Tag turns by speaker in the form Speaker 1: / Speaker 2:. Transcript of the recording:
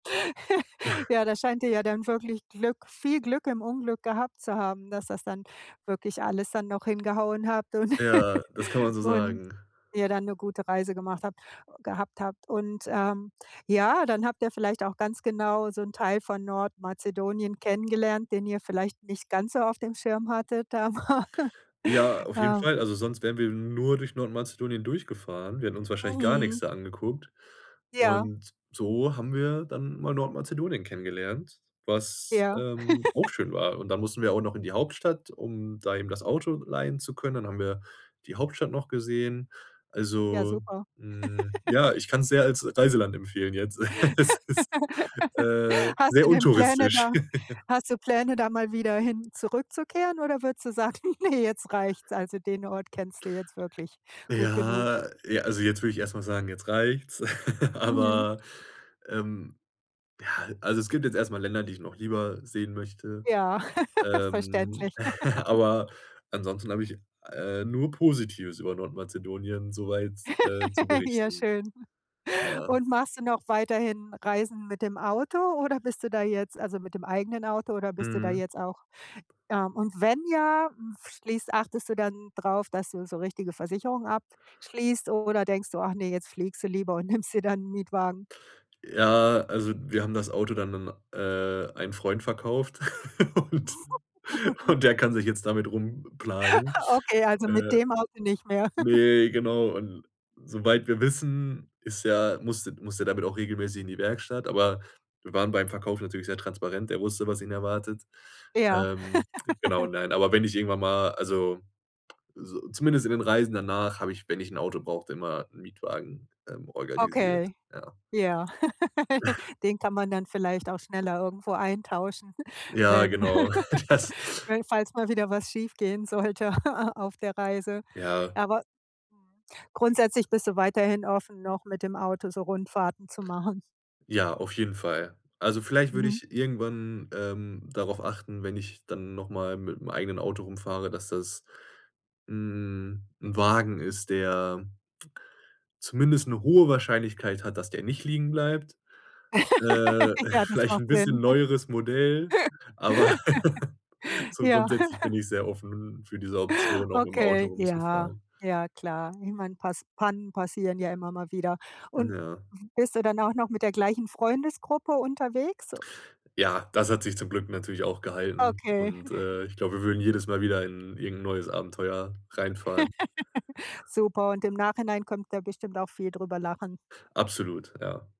Speaker 1: Ja, da scheint ihr ja dann wirklich Glück viel Glück im Unglück gehabt zu haben, dass das dann wirklich alles dann noch hingehauen habt und
Speaker 2: Ja, das kann man so
Speaker 1: und
Speaker 2: sagen.
Speaker 1: ihr dann 'ne gute Reise gemacht habt gehabt habt und, ähm, ja, dann habt ihr vielleicht auch ganz genau so 'n Teil von Nordmazedonien kennengelernt, den ihr vielleicht nicht ganz so auf dem Schirm hattet da mal,
Speaker 2: Ja, auf jeden
Speaker 1: ja.
Speaker 2: Fall. Also, sonst wären wir nur durch Nordmazedonien durchgefahren. Wir hätten uns wahrscheinlich gar nix
Speaker 1: Mhm.
Speaker 2: da angeguckt
Speaker 1: Ja.
Speaker 2: und so haben wir dann mal Nordmazedonien kennengelernt, was,
Speaker 1: Ja.
Speaker 2: ähm, auch schön war und dann mussten wir auch noch in die Hauptstadt, um da eben das Auto leihen zu können. Dann haben wir die Hauptstadt noch gesehen.
Speaker 1: Ja,
Speaker 2: Also,
Speaker 1: super.
Speaker 2: hm, ja, ich kann's sehr als Reiseland empfehlen jetzt. Es ist, äh,
Speaker 1: Hast
Speaker 2: sehr
Speaker 1: du denn Pläne
Speaker 2: untouristisch.
Speaker 1: da hast du Pläne, da mal wieder hin zurückzukehren oder würdest du sagen: „Ne, jetzt reicht's.“ Also, den Ort kennst du jetzt wirklich gut genug?
Speaker 2: Ja, j also, jetzt würde ich erst mal sagen: „Jetzt reicht's“,
Speaker 1: Mhm.
Speaker 2: aber, ähm, ja, also, es gibt jetzt erst mal Länder, die ich noch lieber sehen möchte,
Speaker 1: Ja,
Speaker 2: ähm,
Speaker 1: verständlich.
Speaker 2: aber ansonsten habe ich, äh, nur Positives über Nordmazedonien, soweit, äh, zu
Speaker 1: Ja,
Speaker 2: berichten.
Speaker 1: schön,
Speaker 2: Ja.
Speaker 1: und machst du noch weiterhin Reisen mit dem Auto oder bist du da jetzt also, mit dem eigenen Auto oder bist du da
Speaker 2: Mhm.
Speaker 1: jetzt auch ähm, und wenn ja, f schließt achtest du dann drauf, dass du so richtige Versicherungen abschließt oder denkst du, ach, ne, jetzt fliegst du lieber und nimmst dir dann 'n Mietwagen?
Speaker 2: Ja, also, wir haben das Auto dann n-n an, äh, einen Freund verkauft und und der kann sich jetzt damit rumplagen.
Speaker 1: Okay, also, mit
Speaker 2: Äh,
Speaker 1: dem Auto nicht mehr?
Speaker 2: ne, genau, und soweit wir wissen, ist er musste musste der damit auch regelmäßig in die Werkstatt, aber wir waren beim Verkauf natürlich sehr transparent, er wusste, was ihn erwartet.
Speaker 1: Ja.
Speaker 2: Ähm, genau, nein, aber wenn ich irgendwann mal also, so zumindest in den Reisen danach habe ich, wenn ich ein Auto brauchte, immer 'n Mietwagen, ähm, organisiert,
Speaker 1: Okay,
Speaker 2: ja.
Speaker 1: ja. Den kann man dann vielleicht auch schneller irgendwo eintauschen,
Speaker 2: Ja,
Speaker 1: wenn
Speaker 2: genau. Das
Speaker 1: we falls mal wieder was schiefgehen sollte, a auf der Reise.
Speaker 2: Ja.
Speaker 1: Aber grundsätzlich bist du weiterhin offen, noch mit dem Auto so Rundfahrten zu machen?
Speaker 2: Ja, auf jeden Fall. Also, vielleicht würde
Speaker 1: Mhm.
Speaker 2: ich irgendwann, ähm, darauf achten, wenn ich dann noch mal mit'm eigenen Auto rumfahre, dass das 'n 'n Wagen ist, der zumindest 'ne hohe Wahrscheinlichkeit hat, dass der nicht liegenbleibt. Äh,
Speaker 1: Ja, das
Speaker 2: vielleicht
Speaker 1: macht
Speaker 2: 'n bisschen
Speaker 1: Sinn.
Speaker 2: neueres Modell, aber so
Speaker 1: Ja.
Speaker 2: grundsätzlich bin ich sehr offen n für diese Option, auch mit'm Auto
Speaker 1: Okay, ja.
Speaker 2: rumzufahren.
Speaker 1: Ja, klar. Niemand pass Pannen passieren ja immer mal wieder,
Speaker 2: Hm,
Speaker 1: und
Speaker 2: ja.
Speaker 1: bist du dann auch noch mit der gleichen Freundesgruppe unterwegs, o
Speaker 2: Ja, das hat sich zum Glück natürlich auch gehalten
Speaker 1: Okay.
Speaker 2: und, äh, ich glaube, wir würden jedes Mal wieder in irgend 'n neues Abenteuer reinfahren.
Speaker 1: Super. Und im Nachhinein könnt ihr bestimmt auch viel drüber lachen.
Speaker 2: Absolut, ja.